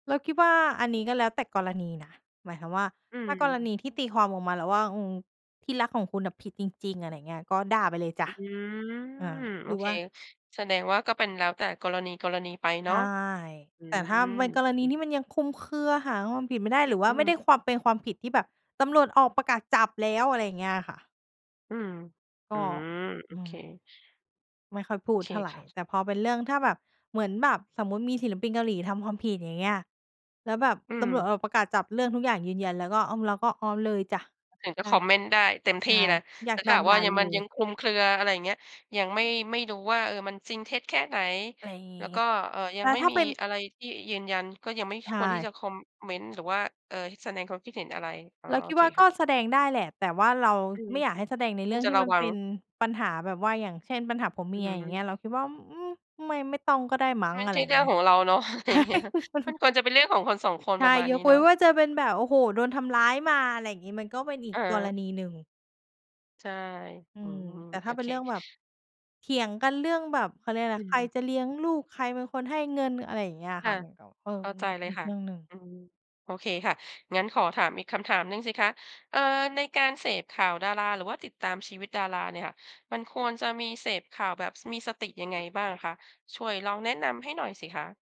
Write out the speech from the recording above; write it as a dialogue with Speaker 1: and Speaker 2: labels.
Speaker 1: เราคิดว่า อันนี้ก็แล้วแต่กรณีนะ หมายความว่า
Speaker 2: อื
Speaker 1: ถ้ากรณ
Speaker 2: ม
Speaker 1: ีที่ตีความออกมาแล้วว่า อืม ที่รักของคุณอะผิดจริง ๆ อะไรอย่างเงี้ย ก็ด่าไปเลยจ้
Speaker 2: อื
Speaker 1: ะ
Speaker 2: ม
Speaker 1: อา
Speaker 2: โ
Speaker 1: ห
Speaker 2: อ
Speaker 1: รือ
Speaker 2: เค
Speaker 1: ว่า
Speaker 2: แสดงว่าก็เป็นแล้วแต่กรณี ๆ ไปเ
Speaker 1: ใ
Speaker 2: น
Speaker 1: ช
Speaker 2: า
Speaker 1: ่
Speaker 2: ะ อื
Speaker 1: แต่ถ้า
Speaker 2: ม
Speaker 1: เป็นก
Speaker 2: โอ
Speaker 1: ร
Speaker 2: เ
Speaker 1: ณี
Speaker 2: ค
Speaker 1: ที่มันยังคลุมเครือ หาความผิดไม่ได้ หรือว่
Speaker 2: อื
Speaker 1: าไม่ไ
Speaker 2: ม
Speaker 1: ด้ความ เป็นความผิดที่แบบตำรวจออกประกาศจับแล้ว อะไรอย่างเงี้ยอะค่ะ
Speaker 2: อืม
Speaker 1: ก
Speaker 2: อื
Speaker 1: ็
Speaker 2: ม โอ
Speaker 1: อื
Speaker 2: เค
Speaker 1: ม ไม่ค่อยพูด
Speaker 2: โอเค
Speaker 1: เท่าไร
Speaker 2: ค่ะ
Speaker 1: แต่พอเป็นเรื่อง ถ้าแบบ เหมือนแบบสมมุติมีศิลปินเกาหลีทำความผิด อย่างเงี้ย แล้วแบบ
Speaker 2: อื
Speaker 1: ตำรว
Speaker 2: ม
Speaker 1: จออกประกาศจับ เรื่องทุกอย่างยืนยัน แล้วก็ อืม เราก็ ออ เลยจ้ะ
Speaker 2: ถึงจ
Speaker 1: ใ
Speaker 2: ะ
Speaker 1: ช่
Speaker 2: คอมเมนต์ได้เต็มท
Speaker 1: ใช
Speaker 2: ี่
Speaker 1: ่
Speaker 2: เลย
Speaker 1: อย
Speaker 2: แ
Speaker 1: า
Speaker 2: ต
Speaker 1: ก
Speaker 2: ่ถ้
Speaker 1: ด่
Speaker 2: า
Speaker 1: า
Speaker 2: หาก
Speaker 1: ด
Speaker 2: ว่
Speaker 1: ่
Speaker 2: า
Speaker 1: า
Speaker 2: ยัง
Speaker 1: เล
Speaker 2: มันยัง
Speaker 1: ย
Speaker 2: คลุมเครือ อะไรอย่างเงี้ย ยังไม่ ไม่รู้ว่า เออ มันจริงเท็จแค่ไหน
Speaker 1: อะไรอย่างง
Speaker 2: แ
Speaker 1: ี
Speaker 2: ล
Speaker 1: ้
Speaker 2: ้วก็ เอ่อ ยั
Speaker 1: แล
Speaker 2: ง
Speaker 1: ้ว
Speaker 2: ไม่
Speaker 1: ถ้า
Speaker 2: มี
Speaker 1: เป็น
Speaker 2: อะไรที่ยืนยัน ก็ยังไม่
Speaker 1: ใช
Speaker 2: ควรที่
Speaker 1: ่
Speaker 2: จะคอมเมนต์ หรือว่า เอjอ แสดงความคิดเห็นอะไร อ๋อ
Speaker 1: เรา
Speaker 2: โ
Speaker 1: ค
Speaker 2: อ
Speaker 1: ิด
Speaker 2: เค
Speaker 1: ว่า
Speaker 2: ค
Speaker 1: ก็
Speaker 2: ่ะ
Speaker 1: แสดงได้แหละ แต่ว่าเรา
Speaker 2: อือ
Speaker 1: ไม่อยากให้แสดงใน
Speaker 2: ค
Speaker 1: เร
Speaker 2: ว
Speaker 1: ื่
Speaker 2: ร
Speaker 1: อง
Speaker 2: จะ
Speaker 1: ที่
Speaker 2: ระ
Speaker 1: มัน
Speaker 2: วั
Speaker 1: เป
Speaker 2: ง
Speaker 1: ็นปัญหา แบบว่าอย่างเช่นปัญหาผัวเ
Speaker 2: อ
Speaker 1: มี
Speaker 2: ื
Speaker 1: ยอย่างเงี้ย
Speaker 2: ม
Speaker 1: เราคิดว่า อ อืม ไม่ ไม่ต้องก็ได้มั้
Speaker 2: ไ
Speaker 1: ง
Speaker 2: ม่
Speaker 1: อะ
Speaker 2: ใ
Speaker 1: ไ
Speaker 2: ช
Speaker 1: ร
Speaker 2: ่
Speaker 1: อย
Speaker 2: เ
Speaker 1: ่
Speaker 2: ร
Speaker 1: า
Speaker 2: ื
Speaker 1: ง
Speaker 2: ่อ
Speaker 1: เง
Speaker 2: ง
Speaker 1: ี้
Speaker 2: ข
Speaker 1: ย
Speaker 2: องเราเนาะ อะไร
Speaker 1: ใช
Speaker 2: อย
Speaker 1: ่
Speaker 2: ่างเงี้ย มันควรจะเป็นเรื่องของคน 2 คน
Speaker 1: ใช
Speaker 2: ปร
Speaker 1: ่
Speaker 2: ะมาณ
Speaker 1: ย
Speaker 2: นี้
Speaker 1: กเ
Speaker 2: เ
Speaker 1: ว
Speaker 2: นา
Speaker 1: ้น
Speaker 2: ะ
Speaker 1: ว่าจะเป็นแบบ โอ้โฮ! โดนทำร้ายมา อะไรอย่างงี้ มันก็เป็นอี
Speaker 2: อ
Speaker 1: กกร
Speaker 2: า
Speaker 1: ณีหนึ่ง
Speaker 2: ใช่
Speaker 1: อื
Speaker 2: อื
Speaker 1: ม
Speaker 2: ม
Speaker 1: แต่
Speaker 2: โ
Speaker 1: ถ
Speaker 2: อ
Speaker 1: ้าเป็
Speaker 2: เค
Speaker 1: นเรื่องแบบ เถียงกันเรื่องแบบ เขาเรียกอะไ
Speaker 2: อ
Speaker 1: ร
Speaker 2: ื
Speaker 1: ใคร
Speaker 2: ม
Speaker 1: จะเลี้ยงลูก ใครเป็นคนให้เงิน อะไรอย่างเงี้ยอะ
Speaker 2: ค
Speaker 1: ค
Speaker 2: ่
Speaker 1: ่
Speaker 2: ะ
Speaker 1: ะ มันก็ เออ
Speaker 2: เข้า
Speaker 1: มั
Speaker 2: ใ
Speaker 1: น
Speaker 2: จ
Speaker 1: มัน
Speaker 2: เลย
Speaker 1: อี
Speaker 2: ค
Speaker 1: ก
Speaker 2: ่ะ
Speaker 1: เรื่องหนึ่ง
Speaker 2: อืม โอเคค่ะ งั้นขอถามอีกคำถามหนึ่งสิคะ เอ่อ ในการเสพข่าวดาราหรือว่าติดตามชีวิตดาราเนี่ยค่ะ มันควรจะมีเสพข่าวแบบ ส มีสติยังไงบ้างคะ? ช่วยลองแนะนำให้หน่อยสิคะ?